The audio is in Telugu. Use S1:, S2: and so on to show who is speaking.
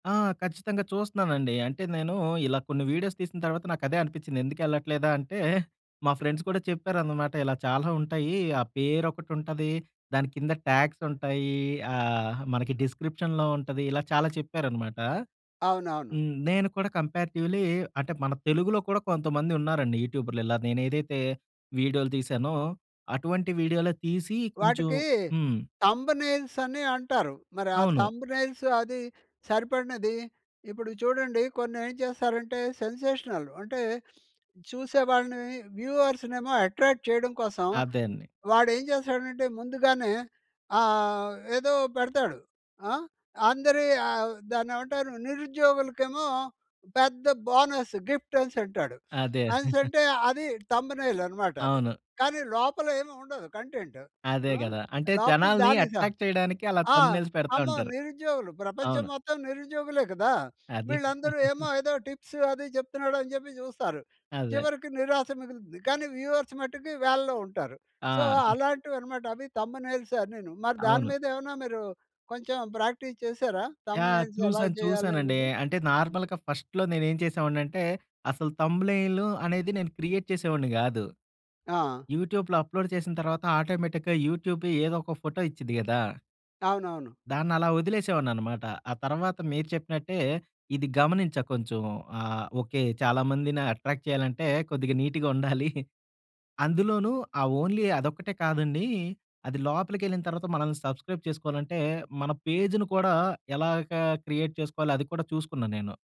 S1: ఆ! ఖచ్చితంగా చూస్తున్నానండి. అంటే నేను ఇలా కొన్ని వీడియోస్ తీసిన తర్వాత నాకదే అనిపించింది. ఎందుకెళ్ళట్లేదా అంటే మా ఫ్రెండ్స్ కూడా చెప్పారన్నమాట. ఇలా చాలా ఉంటాయి. ఆ పేరొకటి ఉంటది. దాని కింద ట్యాగ్స్ ఉంటాయి. ఆహ్, మనకి డిస్‌క్రిప్షన్‌లో ఉంటది. ఇలా చాలా చెప్పారన్నమాట.
S2: అవునవును.
S1: హ్మ్. నేను కూడా కంపేరేటివ్‌లీ అంటే మన తెలుగులో కూడా కొంతమంది ఉన్నారండి. యూట్యూబర్లు ఇలా నేను ఏదైతే వీడియోలు తీసానో అటువంటి వీడియోలు తీసి కొంచెం
S2: వాటికి
S1: హ్మ్.
S2: థంబ్‌నెయిల్స్ అని అంటారు. మరి ఆ
S1: అవును.
S2: థంబ్‌నెయిల్స్ అది సరిపడినది ఇప్పుడు చూడండి. కొన్ని ఏం చేస్తారంటే సెన్సేషనల్ అంటే చూసేవాడిని. వ్యూవర్స్ నేమో అట్రాక్ట్ చేయడం కోసం
S1: అదేండి.
S2: వాడు ఏం చేస్తాడంటే ముందుగానే ఆహ్, ఏదో పెడతాడు. ఆ! అందరి ఆహ్, దాన్నేమంటారు, నిరుద్యోగులకి ఏమో పెద్ద బోనస్ గిఫ్ట్ అనేసి అంటాడు.
S1: అదే.
S2: అనేసి అంటే అది థంబ్‌నెయిల్ అన్నమాట అది.
S1: అవును.
S2: కానీ లోపల ఏమి ఉండదు కంటెంట్.
S1: అదే
S2: హ్మ్.
S1: గదా! అంటే
S2: లోపల
S1: జనాల్ని
S2: దారిస
S1: అట్రాక్ట్ చేయడానికి అలా
S2: ఆ!
S1: థంబ్‌నెయిల్స్ పెడతా
S2: అమ్మో!
S1: ఉంటారు.
S2: నిరుద్యోగులు. ప్రపంచం
S1: అవును.
S2: మొత్తం నిరుద్యోగులే కదా!
S1: అదే.
S2: వీళ్ళందరూ ఏమో ఏదో టిప్స్ అది చెప్తున్నాడు అని చెప్పి చూస్తారు.
S1: అదే.
S2: చివరికి నిరాశ మిగులుతుంది. కానీ వ్యూవర్స్ మట్టుకు వేలల్లో ఉంటారు. సో,
S1: ఆ!
S2: అలాంటివి అన్నమాట. అవి థంబ్‌నెయిల్స్ అనీను మరి దాని
S1: అవును.
S2: మీదేమన్నా మీరు కొంచెం ప్రాక్టీస్ చేసారా?
S1: యాహ్!
S2: థంబ్‌నెయిల్స్ ఎలా
S1: చూసాను.
S2: చేయాలి
S1: చూసానండి.
S2: అనేది?
S1: అంటే
S2: హ్మ్.
S1: నార్మల్‌గా ఫస్ట్‌లో నేను ఏం చేసేవాడిని అంటే అసలు థంబ్‌నెయిలు అనేది నేను క్రియేట్ చేసేవాడిని కాదు.
S2: ఆ!
S1: యూట్యూబ్‌లో అప్లోడ్ చేసిన తర్వాత ఆటోమేటిక్‌గా యూట్యూబే ఏదో ఒక ఫోటో ఇచ్చిద్ధి గదా!
S2: అవునవును.
S1: దాన్నలా వదిలేసేవాడిని అన్నమాట. ఆ తరువాత మీరు చెప్పినట్టే ఇది గమనించా కొంచెం. ఆహ్, ఓకే. చాలా మందిని అట్రాక్ట్ చేయాలంటే కొద్దిగా నీట్‌గా ఉండాలి. అందులోనూ ఆ ఓన్లీ అదొక్కటే కాదండి. అది లోపలికెళ్ళిన తరువాత మనల్ని సబ్స్‌క్రైబ్ చేసుకోవాలంటే మన పేజును కూడా ఎలాగా క్రియేట్ చేసుకోవాలో అది కూడా చూసుకున్నా నేను.